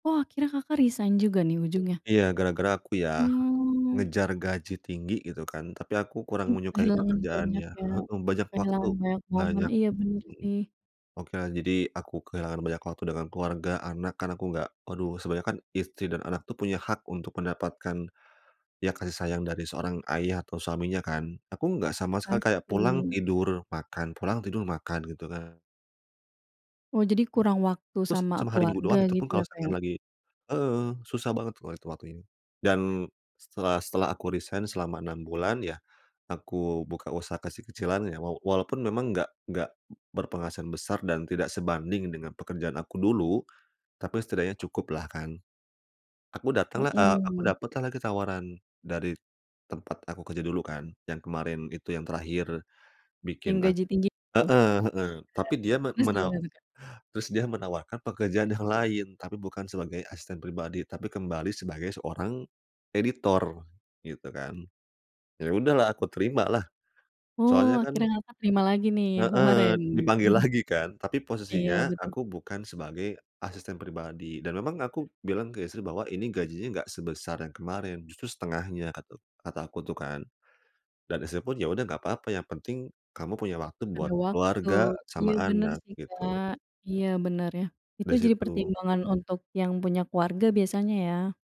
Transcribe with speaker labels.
Speaker 1: Oh, akhirnya, Kakak, resign juga nih ujungnya?
Speaker 2: Iya gara-gara aku ya,
Speaker 1: Mmm.
Speaker 2: ngejar gaji tinggi gitu kan. Tapi aku kurang
Speaker 1: Mhm,
Speaker 2: menyukai
Speaker 1: kehilangan banyak
Speaker 2: pekerjaannya
Speaker 1: ya,
Speaker 2: heeh, banyak waktu
Speaker 1: kehilangan banyak momen,
Speaker 2: banyak
Speaker 1: iya bener
Speaker 2: mhm.
Speaker 1: sih.
Speaker 2: Okelah, jadi aku kehilangan banyak waktu dengan keluarga, anak karena aku enggak aduh sebenarnya kan istri dan anak tuh punya hak untuk mendapatkan, iya kasih sayang dari seorang ayah atau suaminya kan. Aku enggak sama sekali kayak pulang
Speaker 1: Pasti.
Speaker 2: tidur, makan, pulang tidur, makan gitu kan.
Speaker 1: Oh, jadi kurang waktu
Speaker 2: Terus
Speaker 1: sama
Speaker 2: cuma hari Minggu
Speaker 1: keluarga
Speaker 2: doang. itu pun
Speaker 1: gitu
Speaker 2: kalau
Speaker 1: ya Kak ya?
Speaker 2: seakan lagi heeh, susah banget kalau lihat waktu ini. Dan setelah setelah aku resign selama 6 bulan, iya. Aku buka usaha kecil-kecilan ya. Waw walaupun memang enggak nggak berpenghasilan besar dan tidak sebanding dengan pekerjaan aku dulu. Tapi setidaknya cukuplah kan. Aku datang lah eee, aku
Speaker 1: Mhm.
Speaker 2: dapet lah lagi tawaran dari tempat aku kerja dulu kan. Yang kemarin itu, yang terakhir
Speaker 1: Yang
Speaker 2: bikin aku
Speaker 1: gaji tinggi, itu?
Speaker 2: heeh
Speaker 1: E
Speaker 2: heeh, tapi dia men
Speaker 1: Terus,
Speaker 2: menawa
Speaker 1: gimana tuh Kak?
Speaker 2: terus dia menawarkan pekerjaan yang lain. Tapi bukan sebagai asisten pribadi, tapi kembali sebagai seorang editor, gitu kan. Iya sudahlah aku terima lah,
Speaker 1: Oh,
Speaker 2: soalnya kan
Speaker 1: akhirnya mereka terima lagi nih yang
Speaker 2: Heeh,
Speaker 1: kemarin?
Speaker 2: dipanggil lagi kan. Tapi
Speaker 1: Iya,
Speaker 2: posisinya
Speaker 1: betul.
Speaker 2: aku bukan sebagai asisten pribadi dan memang aku bilang ke istri bahwa ini gajinya nggak sebesar yang kemarin, justru setengahnya katu kata aku tuh kan. Dan istri pun iya sudah enggak apa-apa, yang penting kamu punya waktu buat
Speaker 1: Ada waktu.
Speaker 2: keluarga
Speaker 1: Iya
Speaker 2: sama
Speaker 1: bener
Speaker 2: anak,
Speaker 1: sih,
Speaker 2: gitu.
Speaker 1: Kak, iya bener ya, itu
Speaker 2: Dari
Speaker 1: jadi
Speaker 2: situ.
Speaker 1: pertimbangan untuk yang punya keluarga biasanya ya?